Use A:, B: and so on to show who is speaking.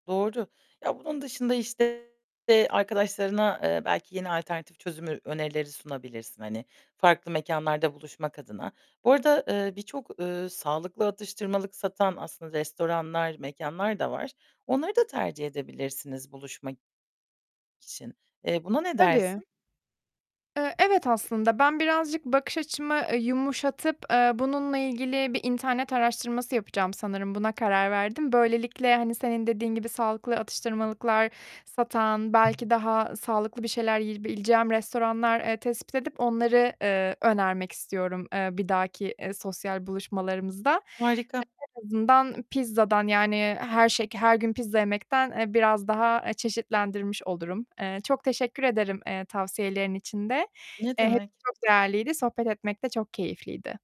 A: Doğru. Ya, bunun dışında, işte, arkadaşlarına, eee, belki yeni alternatif çözüm ö önerileri sunabilirsin, hani, farklı mekânlarda buluşmak adına. Bu arada, eee, birçok, eee, sağlıklı atıştırmalık satan aslında restoranlar, mekânlar da var. Onları da tercih edebilirsiniz buluşmak için. Eee, buna ne
B: Tabii.
A: dersin?
B: Eee, evet aslında ben birazcık bakış açımı, eee, yumuşatıp, eee, bununla ilgili bir internet araştırması yapacağım sanırım, buna karar verdim. Böylelikle, hani, senin dediğin gibi sağlıklı atıştırmalıklar satan, belki daha sağlıklı bir şeyler yiyebileceğim restoranlar, eee, tespit edip onları, eee, önermek istiyorum, eee, bir dahaki, eee, sosyal buluşmalarımızda.
A: Harika.
B: En azından pizzadan yani her şek her gün pizza yemekten, eee, biraz daha, eee, çeşitlendirmiş olurum. Eee, çok teşekkür ederim, eee, tavsiyelerin için de.
A: Ne
B: Eee, hepsi
A: demek?
B: çok değerliydi, sohbet etmek de çok keyifliydi.